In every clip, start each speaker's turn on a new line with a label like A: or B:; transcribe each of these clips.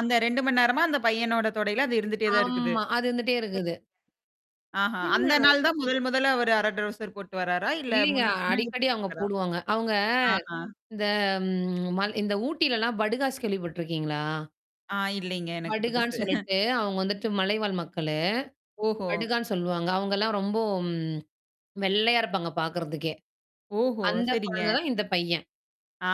A: அந்த 2 மணி நேரமா அந்த பையனோட தொடையில அது இருந்துட்டே தான் இருக்குது.
B: ஆமா. அது இருந்துட்டே இருக்குது.
A: ஆஹா. அந்த
B: என்னடா
A: நாள் தான் முதல் முதல்ல அவர் 1/2 ட்ரவுசர் போட்டு வராரா? இல்ல
B: இல்லங்க
A: முன்ன முன்னாடி
B: அடிக்கடி அவங்க
A: போட்டுக்காரா?
B: போடுவாங்க. அவங்க
A: ஆஹா.
B: இந்த ம் மல் இந்த ஊட்டிலல்லாம் படுகாஸ் கேள்வி பட்டுருக்கீங்களா?
A: ஆ இலைங்க எனக்கு
B: படுகான்னு
A: புதுசு.
B: சொல்லிட்டு அவங்க வந்துட்டு மலைவாழ் மக்களு.
A: ஓஹோ!
B: படுகான்னு சொல்லுவாங்க. அவங்கல்லாம் ரொம்போ, வெள்ளையா இருப்பாங்க பார்கறதுக்கே.
A: ஓஹோ!
B: அந்த
A: சரிங்க.
B: குழந்த தான் இந்த பையன்.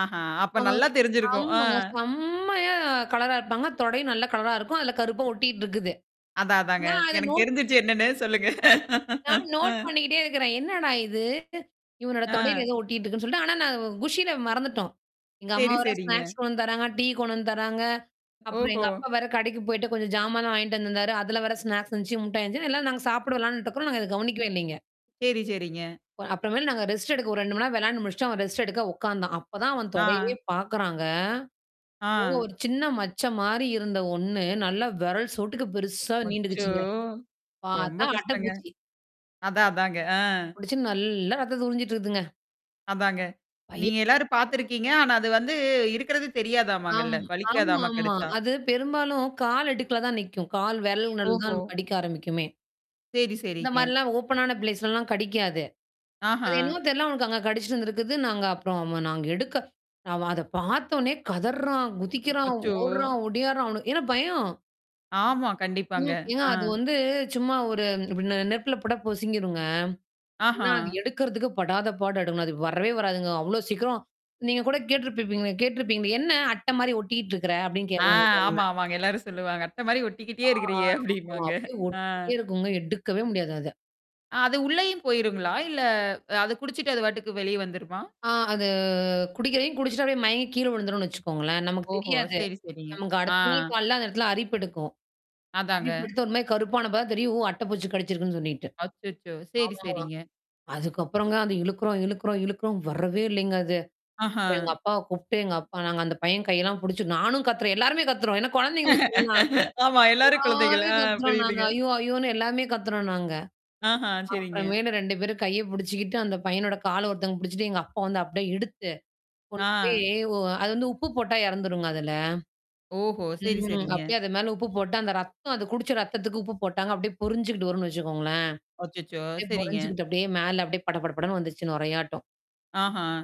A: ஆஹா, அப்ப
B: ஆ.
A: நல்லா தெரிஞ்சிருக்கும். அ.
B: ஆமாங்க. செம்மையா கலரா இருப்பாங்க தொடை நல்ல கலரா இருக்கும். அதுல கருப்பா ஒட்டிட்டு இருக்குது.
A: அதான் அதாங்க.
B: நான் அத
A: எனக்கு
B: நோட்
A: தெரிஞ்சுருச்சு என்னன்னு சொல்லுங்க.
B: நான்
A: அ.
B: நோட் பண்ணிக்கிட்டே இருக்கிறேன். என்னடா இது? இவனோட தொடையில
A: ஆ.
B: ஏதோ ஒட்டிக்கிட்டு இருக்குன்னு சொல்லிட்டு. ஆனா நான் குஷியில மறந்துட்டோம். எங்க
A: சேரி,
B: அம்மாவேரா
A: சேரிங்க.
B: ஸ்நாக்ஸ் கொண்டந்து தராங்க. டீ கொண்டந்து தராங்க. அப்புறம்
A: ஓஹோ!
B: எங்க அப்பா வேற கடைக்கு போய்ட்ட கொஞ்சம் ஜாமானா வாங்கிட்டு வந்தருந்தாரு. அதல வேற ஸ்நாக்ஸ் எந்தச்சு, முட்டாய் இந்தச்சு எல்லார நாங்க சாப்படோம் வேளான்ட்டு இருக்கறோம். நாங்க இத கவனிக்கவே இல்லைங்க.
A: சேரி, சேரிங்க.
B: அப்புறமேல நாங்க ரெஸ்ட் எடுக்க ஒரு 2 மணி நேர விளையாண்டு முடிச்சுட்டு, அவன் ரெஸ்ட் எடுக்க உட்காந்தான். அப்பதான் அவன் தொடயவே
A: ஆ.
B: பார்க்குறாங்க. ஓ!
A: ஆ.
B: ஒரு சின்ன மச்ச மாரி இருந்த ஒண்ணு நல்லா வெரல் சோட்டுக்கு பெருசா
A: அச்சோ!
B: நீண்டுக்கிச்சுங்க.
A: ரொம்ப
B: பாத்தா
A: கஷ்டங்க.
B: அட்டப்பூச்சி.
A: அதான், அதாங்க. ஆ.
B: புடிச்சுன்னு நல்லா ரத்தத உரிஞ்சிட்டுருகுதுங்க.
A: அதாங்க.
B: பய
A: நீங்க எல்லாரும்
B: [unintelligible]
A: பார்த்துருக்கீங்க. ஆனா, அது வந்து இருக்கிறது
B: ஆம்,
A: தெரியாதமாங்கல்ல. வலிக்காதாமா
B: ஆமாமா.
A: கடிச்சா?
B: அது பெரும்பாலும் கால் இடுக்கல தான் நிக்கும். கால் விரல் நடுல தான்
A: ஓஹோ!
B: நமக்கு கடிக்க ஆரம்பிக்குமே.
A: சேரி,
B: இந்த
A: சேரிங்க.
B: மாரிலாம் ஓப்பன்னான பிளேஸ்லலாம் கடிக்காது. அது
A: ஆஹா.
B: என்னமோ தெரில அவனுக்கு அங்க கடிச்சுட்டுருந்திருக்குது. நாங்க அப்புறம் அ நாங்க எடுக்க நாம அத பார்த்தோனே கதர்றான், குதிக்கிறான்,
A: அச்சோ!
B: ஓடுறான் ஒடியாடுறான் அவனு ஏன்னா பயம்.
A: ஆமா, கண்டிப்பாங்க.
B: ம். ஏன்னா
A: ஆ.
B: அது வந்து சும்மா ஒரு இப்டி நெருப்புல பொட்டா பொசிங்கிருங்க. ஆனா அது
A: ஆஹா.
B: எடுக்கறிறதுக்கு படாத பாடு எடுக்கணும். அது வரவே வராதுங்க. அவ்ளோ சீக்கிரம். நீங்க கூட கேட்டுருப்பப்பீங்களே கேட்டுருப்பீங்களே. என்ன அட்ட மாரி ஒட்டிட்டு இருக்கற? அப்டின்னு
A: ஆ ஆமா,
B: [unintelligible]
A: ஆமாங்க. எல்லாரும் சொல்லுவாங்க. அட்ட மாரி
B: ஆ
A: ஒட்டிக்கிட்டே இருக்கிறீய
B: அப்பறம்
A: அப்டின்ம்பாங்க.
B: அப்டியியே
A: ஆ.
B: ஒட்டிட்டே இருக்குங்க எடுக்கவே முடியாது அத.
A: அ அது உள்ளேயும் போயிருங்களா? இல்ல அது குடிச்சுட்டு அது வாட்டுக்கு வெளியே வந்துருமா?
B: ஆ அது குடிக்கிறையும் குடிச்சுட்டா அப்டியே மயங்க கீழ விழுந்துணனு வச்சுக்கோங்களேன். நமக்கு
A: ஓஹோ!
B: தெரியாது.
A: சரி, சரிங்க.
B: நமக்கு
A: ஆ.
B: அடுத்த நாள் காலையில அந்த இடத்துல அரிப்பு எடுக்கும்.
A: அதாங்க.
B: அரிப்பு எடுத்து ஒருமாரி கருப்பான அப்பதா தெரியும் ஓ! அட்ட பூச்சி கடிச்சிருக்குன்னு சொல்லிட்டு.
A: அச்சச்சோ! சரி,
B: ஆமாமா.
A: சரிங்க.
B: அதுக்கப்புறங்க அது இழுக்குறோம், இழுக்குறோம், இழுக்குறோம் வரவே இல்லைங்க அது.
A: ஆஹா.
B: அப்புறம் எங்க அப்பாவ கூப்புட்டு எங்க அப்பா நாங்க அந்த பையன் கையெல்லாம் புடிச்சு. நானும் கத்துறேன். எல்லாருமே கத்துரோம். ஏன்னா குழந்தைங்கு ஒண்ணுன்னா
A: ஆமா. எல்லாரும் குழந்தைகள்.
B: எல்லாருமே
A: ஆ
B: கத்துறோம் நாங்க.
A: புரியுதுங்க.
B: ஐயோ! ஐயோன்னு எல்லாமே கத்துறோம் நாங்க.
A: ஆஹா, சேரிங்க.
B: அப்புறமேலு 2 பேரும் கைய புடிச்சுக்கிட்டு அந்த பையனோட கால ஒருத்தவங்க புடிச்சுட்டு எங்க அப்பா வந்து அப்டியே எடுத்து. கொண்டு போய்
A: ஆ.
B: ஓ அது வந்து உப்பு போட்டா இறந்துருங்க அதுல.
A: ஓஹோ! சரி,
B: ம்.
A: சரிங்க.
B: அப்டியியே அது மேல உப்பு போட்டு அந்த ரத்தம் அது குடிச்ச ரத்தத்துக்கு உப்பு போட்டாங்க. அப்டியியே பொறிஞ்சுக்கிட்டு வரும்ன்னு வச்சுக்கோங்களேன்.
A: அச்சச்சோ!
B: அப்டியே
A: சரிங்க.
B: பொறஞ்சுகிட்டு அப்டியே மேல அப்டியே பட, பட, படன்னு வந்துச்சு நொறையாட்டம்.
A: ஆஹா.